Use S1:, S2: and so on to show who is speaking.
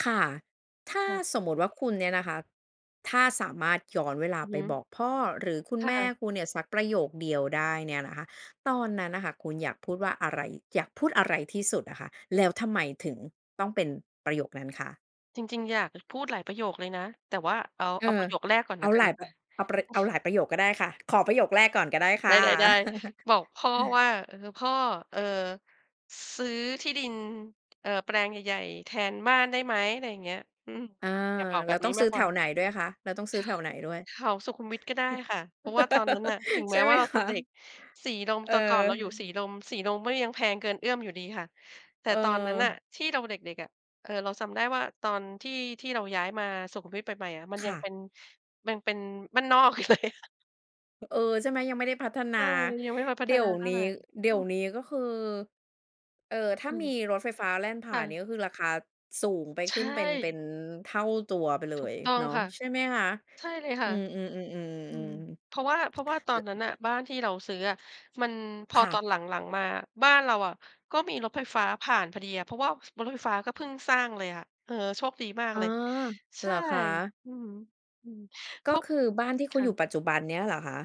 S1: ค่ะ ถ้า
S2: ค่ะ
S1: สมมติว่าคุณเนี่ยนะคะ ถ้าสามารถย้อนเวลา
S2: อือ
S1: ไป
S2: ฮ
S1: บ
S2: ึ
S1: อกพ่อ หรือคุณ
S2: ค่
S1: แม่
S2: ะ
S1: คุณเนี่ยสักประโยคเดียวได้เนี่ยนะคะ ตอนนั้นน่ะค่ะ คุณอยากพูดว่าอะไร? อยากพูดอะไรที่สุดอะค่ะ? แล้วทำไมถึงต้องเป็นประโยคนั้นคะ?
S2: จริง ๆ อยากจะพูดหลายประโยคเลยนะ แต่ว่าเอา
S1: เออ
S2: เอาประโยคแรกก่อน
S1: เอ
S2: ล
S1: า
S2: ะกั
S1: หล
S2: น
S1: าย
S2: ค
S1: ป
S2: ่ะ
S1: เอาประ เอาหลายประโยคก็ได้ค่ะ ขอประโยคแรกก่อนก็ได้ค
S2: ไ
S1: ่ะ
S2: ด้ ๆ ๆ บอกพ่อว่า "เอ่อ พ่อ เอ่อ ซื้อที่ดิน เอ่อ แปลงใหญ่ ๆ แทนบ้านได้ไหม?" อะไรอย่างเงี้ย อืม
S1: เออ
S2: อยากบอกแ
S1: แล
S2: บ
S1: ้ว
S2: บ
S1: ต
S2: นี
S1: ้อ
S2: ้
S1: งซ
S2: ม
S1: ื้
S2: า
S1: อ
S2: ก
S1: แ
S2: ก
S1: ถ
S2: ว่า
S1: วไหนด้วยคะ? แล้วต้องซ
S2: ใ
S1: ื้
S2: ช
S1: อ
S2: ่
S1: แ
S2: ค
S1: ถ
S2: ่
S1: วไหนด
S2: ะ
S1: ้วย?
S2: แถวสุขุมวิทก็ได้ค่ะ เพราะว่าตอนนั้นน่ะ ถึง
S1: ใช
S2: แม้
S1: ่ไห
S2: ว
S1: ม
S2: ่าเรา
S1: ค
S2: จะ
S1: ะ?
S2: เด็ก สีลม
S1: เ
S2: แต่ก่อนเราอยู่ส
S1: ออ
S2: ีลม สีลมก็ยังแพงเกินเอื้อมอยู่ดีค่ะ แต่
S1: เ
S2: ตอนนั้นน่ะ
S1: ออ
S2: ที่เราเด็ก ๆ อะ เออ เราจำได้ว่าตอนที่ ที่เราย้ายมาสุขุมวิทใหม่ ๆ อะ มัน
S1: ค
S2: ยั
S1: ่
S2: งเ
S1: ะ
S2: ป็น มันเป็นบ้านนอกอยู่ เลยค่ะ
S1: เออ ใช่ไหม? ยังไม่ได้พัฒน
S2: ใ
S1: า
S2: ช่ ยังไม่ค่อยพั
S1: เด
S2: ฒ
S1: ี๋ย
S2: นา
S1: ว
S2: เท่
S1: นี
S2: า
S1: ้
S2: ไร
S1: เดี๋
S2: อื
S1: ยว
S2: ม
S1: นี้ ก็คือ เออ ถ้
S2: อ
S1: า
S2: ื
S1: มี
S2: ม
S1: รถไฟฟ้าแล่นผ่
S2: ค
S1: า
S2: ่
S1: นเน
S2: ะ
S1: ี่ย ก็คือ ราคาสูงไป
S2: ใช
S1: ขึ้นเป็น เป็
S2: ่
S1: นเท่าตัวไปเล
S2: ถูก
S1: ย
S2: ต้อ
S1: เ
S2: ง
S1: นาะ
S2: ค่ะ
S1: ใช่ไหมคะ?
S2: ใช่เลยค
S1: อื
S2: ่ะ
S1: ม
S2: อืม
S1: ๆ ๆ
S2: เพ
S1: ๆ
S2: ราะว่า เพราะว่าตอน
S1: ๆ ล
S2: นั้นน่ะ บ้านที่เราซื้ออะ มัน พ
S1: ค
S2: อ
S1: ่
S2: ตอ
S1: ะ
S2: นหลัง ๆ มาอะ บ้านเราอะ ก็มีรถไฟฟ้าผ่านพอดีอะ เพราะว่า ฟ บนรถไฟฟ้าก็เพิ่งสร้างเลยอะ เออ โชคดีมา
S1: อ
S2: ก
S1: ๋อ
S2: เลย ใ
S1: เ
S2: ช
S1: หร
S2: ่
S1: อคะ?
S2: อือฮึ อืม เพ
S1: ก็
S2: ราะ
S1: คือ บ้านที่
S2: ค
S1: คุณ
S2: ่
S1: อยู
S2: ะ
S1: ่ปัจจุบันเนี่ยหรอคะ?